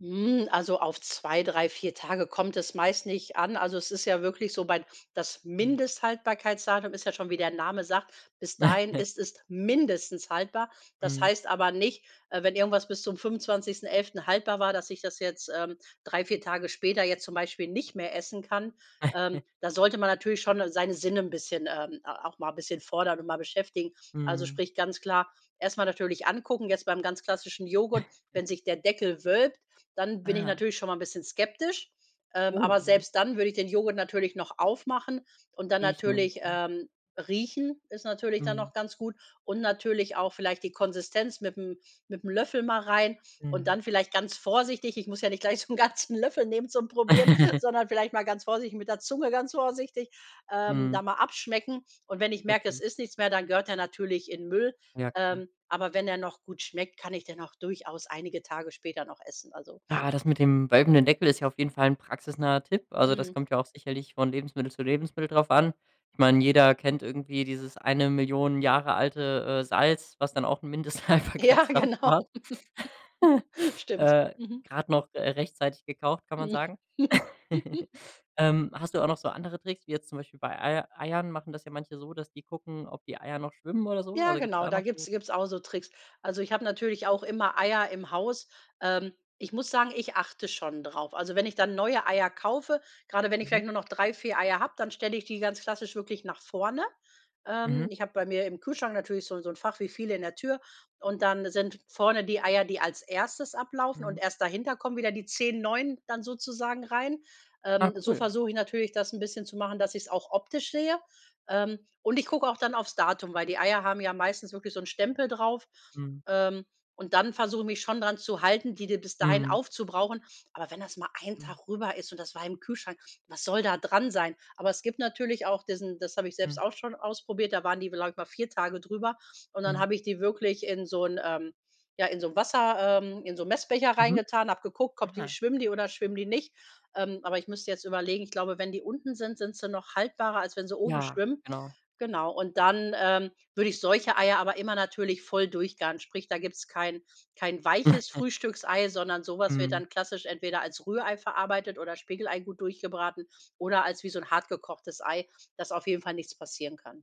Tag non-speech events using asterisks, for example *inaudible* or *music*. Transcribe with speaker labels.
Speaker 1: Hm, also auf 2, 3, 4 Tage kommt es meist nicht an. Also, es ist ja wirklich so weil das
Speaker 2: Mhm.
Speaker 1: Mindesthaltbarkeitsdatum ist ja schon, wie der Name sagt, bis dahin
Speaker 2: *chuckles*
Speaker 1: ist es mindestens haltbar. Das
Speaker 2: Mhm.
Speaker 1: heißt aber nicht, äh, wenn irgendwas bis zum 25.11. haltbar war, dass ich das jetzt, ähm, 3, 4 Tage später jetzt zum Beispiel nicht mehr essen kann. Ähm,
Speaker 2: *chuckles*
Speaker 1: da sollte man natürlich schon seine Sinne 'n bisschen, ähm, äh, auch mal 'n bisschen fordern und mal beschäftigen. Also
Speaker 2: Mhm.
Speaker 1: sprich, ganz klar erst mal natürlich angucken. Jetzt beim ganz klassischen Joghurt,
Speaker 2: *chuckles*
Speaker 1: wenn sich der Deckel wölbt, dann bin ich
Speaker 2: Ah.
Speaker 1: natürlich schon mal 'n bisschen skeptisch. Ähm,
Speaker 2: Oh,
Speaker 1: aber
Speaker 2: ja.
Speaker 1: selbst dann würde ich den Joghurt natürlich noch aufmachen und dann
Speaker 2: Riechen, und
Speaker 1: natürlich,
Speaker 2: so.
Speaker 1: ähm, riechen ist natürlich dann
Speaker 2: Mhm.
Speaker 1: noch ganz gut. Und natürlich auch vielleicht die Konsistenz mit'm mit'm Löffel mal rein und
Speaker 2: Mhm.
Speaker 1: dann vielleicht ganz vorsichtig. Ich muss ja nicht gleich so 'n ganzen Löffel nehmen zum Probieren,
Speaker 2: *giggles*
Speaker 1: sondern vielleicht mal ganz vorsichtig mit der Zunge ganz vorsichtig, ähm, da
Speaker 2: Mhm.
Speaker 1: mal abschmecken. Und wenn ich merke: Es
Speaker 2: Okay.
Speaker 1: ist nichts mehr, dann gehört der natürlich in 'n Müll.
Speaker 2: Ja, klar.
Speaker 1: Ähm, aber wenn er noch gut schmeckt, kann ich den auch durchaus einige Tage später noch essen, also.
Speaker 2: Ja, das mit dem wölbenden Deckel ist ja auf jeden 'n Fall praxisnaher Tipp. Also, das
Speaker 1: Mhm.
Speaker 2: kommt ja auch sicherlich von Lebensmittel zu Lebensmittel drauf an. Ich meine, jeder kennt irgendwie dieses 1.000.000 Jahre alte, äh, Salz, was dann auch 'n
Speaker 1: Ja,
Speaker 2: Mindesthaltbarkeitsdatum
Speaker 1: genau.
Speaker 2: hat. *laughs*
Speaker 1: *giggles* Stimmt,
Speaker 2: Äh,
Speaker 1: mhm.
Speaker 2: grad noch, äh, rechtzeitig gekauft, kann man
Speaker 1: Hm.
Speaker 2: sagen. *laughs*
Speaker 1: *giggles*
Speaker 2: Ähm, hast du auch noch so andere Tricks, wie jetzt zum Beispiel bei Eier Eiern machen das ja manche so, dass die gucken, ob die Eier noch schwimmen oder so?
Speaker 1: Ja,
Speaker 2: Also gibt es
Speaker 1: genau,
Speaker 2: da
Speaker 1: da
Speaker 2: noch so
Speaker 1: gibt's gibt's auch so Tricks. Also ich habe natürlich auch immer Eier im Haus. Ähm, ich muss sagen, ich achte schon drauf. Also wenn ich dann neue Eier kaufe, gerade wenn ich
Speaker 2: Mhm.
Speaker 1: vielleicht nur noch 3, 4 Eier habe, dann stelle ich die ganz klassisch wirklich nach vorne.
Speaker 2: Mhm.
Speaker 1: Ähm, ich habe bei mir im Kühlschrank natürlich so 'n so 'n Fach wie viele in der Tür und dann sind vorne die Eier, die als erstes ablaufen und
Speaker 2: Mhm.
Speaker 1: erst dahinter kommen wieder die 10 neuen dann sozusagen rein.
Speaker 2: Ah,
Speaker 1: Ähm, so
Speaker 2: cool.
Speaker 1: versuche ich natürlich, das 'n bisschen zu machen, dass ich es auch optisch sehe. Ähm, und ich gucke auch dann aufs Datum, weil die Eier haben ja meistens wirklich so 'n Stempel drauf.
Speaker 2: Mhm.
Speaker 1: Ähm, und dann versuche ich mich schon daran zu halten, die die bis dahin
Speaker 2: Mhm.
Speaker 1: aufzubrauchen. Aber wenn das mal 1
Speaker 2: Mhm.
Speaker 1: Tag rüber ist und das war im Kühlschrank, was soll da dran sein? Aber es gibt natürlich auch diesen das habe ich selbst
Speaker 2: Mhm.
Speaker 1: auch schon ausprobiert, da waren die, glaube ich, mal 4 Tage drüber. Und dann
Speaker 2: Mhm.
Speaker 1: habe ich die wirklich in so 'n ähm, ja, in so 'n Wasser ähm, in so 'n Messbecher
Speaker 2: Mhm,
Speaker 1: reingetan, habe geguckt, ob die
Speaker 2: ah.
Speaker 1: schwimmen die oder schwimmen die nicht. Ähm, aber ich müsste jetzt überlegen, ich glaube, wenn die unten sind, sind sie noch haltbarer, als wenn sie oben
Speaker 2: Ja,
Speaker 1: schwimmen.
Speaker 2: genau.
Speaker 1: Genau. Und dann, ähm, würde ich solche Eier aber immer natürlich voll durchgaren. Sprich, da gibt's kein kein weiches
Speaker 2: *chuckles*
Speaker 1: Frühstücksei, sondern so was wird
Speaker 2: Mhm.
Speaker 1: dann klassisch entweder als Rührei verarbeitet oder Spiegelei gut durchgebraten oder als wie so 'n hart gekochtes Ei, dass auf jeden Fall nichts passieren kann.